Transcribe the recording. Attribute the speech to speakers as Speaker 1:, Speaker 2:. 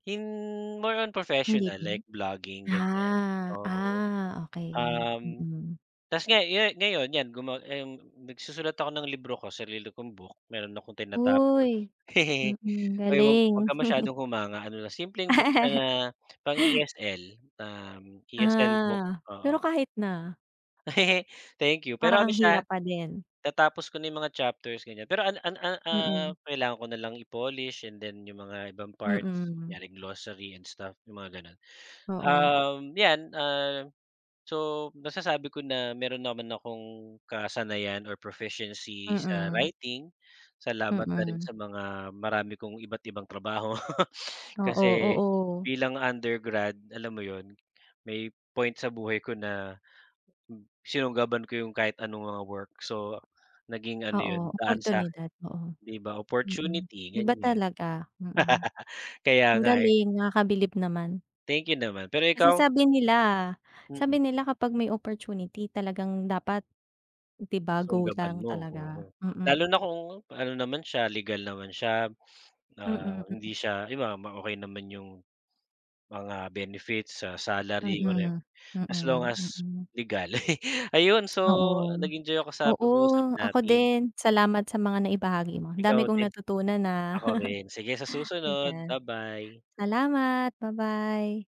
Speaker 1: In more on
Speaker 2: Hindi
Speaker 1: professional
Speaker 2: din.
Speaker 1: like vlogging ganyan
Speaker 2: Ah,
Speaker 1: oo.
Speaker 2: ah, okey,
Speaker 1: Um,
Speaker 2: mm.
Speaker 1: 'tas nga yan ngayon yan guma ayung nagsusulat ako ng libro ko sarili kong book meron akong tinatapos.
Speaker 2: Uy, mm,
Speaker 1: Oy huwag huwag
Speaker 2: galing.
Speaker 1: ka masyadong humanga ano na simpleng book ng, ah, pang ESL um, ESL book,
Speaker 2: Ah,
Speaker 1: oo.
Speaker 2: pero kahit na.
Speaker 1: Thank you pero
Speaker 2: Parang
Speaker 1: ano
Speaker 2: ang hirap
Speaker 1: siya.
Speaker 2: pa din.
Speaker 1: natapos ko na yung mga chapters ganyan, pero an an ah,
Speaker 2: Mm.
Speaker 1: kailangan ko na lang i-polish, and then yung mga ibang parts,
Speaker 2: Mm.
Speaker 1: yaring glossary and stamp yung mga ganon.
Speaker 2: Oo.
Speaker 1: Um, yan ah, so, nasasabi ko na meron naman akong kasanayan or proficiency sa
Speaker 2: Mm.
Speaker 1: writing. Salamat na rin
Speaker 2: Mm.
Speaker 1: sa mga marami kong iba't ibang trabaho
Speaker 2: Oo,
Speaker 1: kasi
Speaker 2: oo.
Speaker 1: bilang undergrad, alam mo yun, may point sa buhay ko na sinunggaban ko yung kahit anong mga work. So naging ano
Speaker 2: Oo
Speaker 1: yun, daan sa'kin,
Speaker 2: oportunidad oo.
Speaker 1: 'di ba
Speaker 2: Mm,
Speaker 1: opportunity
Speaker 2: iba
Speaker 1: ganyan.
Speaker 2: talaga, mm.
Speaker 1: Kaya
Speaker 2: Ang
Speaker 1: nga eh.
Speaker 2: galing nakakabilib naman.
Speaker 1: Thank you naman, pero
Speaker 2: Kasi
Speaker 1: ikaw?
Speaker 2: sabi nila sabi
Speaker 1: Mm.
Speaker 2: nila kapag may opportunity, talagang dapat, 'di ba go
Speaker 1: Sunggaban
Speaker 2: lang
Speaker 1: mo,
Speaker 2: talaga?
Speaker 1: oo. Lalo
Speaker 2: Mm.
Speaker 1: na kung, ano naman siya, legal naman siya, um,
Speaker 2: Mm mm.
Speaker 1: hindi siya iba, bam okey naman yung mga benefits, ah salary, whatever,
Speaker 2: Mm,
Speaker 1: as long
Speaker 2: mm,
Speaker 1: as,
Speaker 2: mm.
Speaker 1: legal. Ayun so
Speaker 2: Oo.
Speaker 1: nag-enjoy ako sa
Speaker 2: Oo,
Speaker 1: pag-uusap
Speaker 2: ako
Speaker 1: natin.
Speaker 2: din, salamat sa mga naibahagi mo, dami
Speaker 1: Ikaw
Speaker 2: kong
Speaker 1: din.
Speaker 2: natutunan, ah.
Speaker 1: Ako rin, sige sa susunod,
Speaker 2: Ayan,
Speaker 1: ba-bye.
Speaker 2: salamat, ba-bye.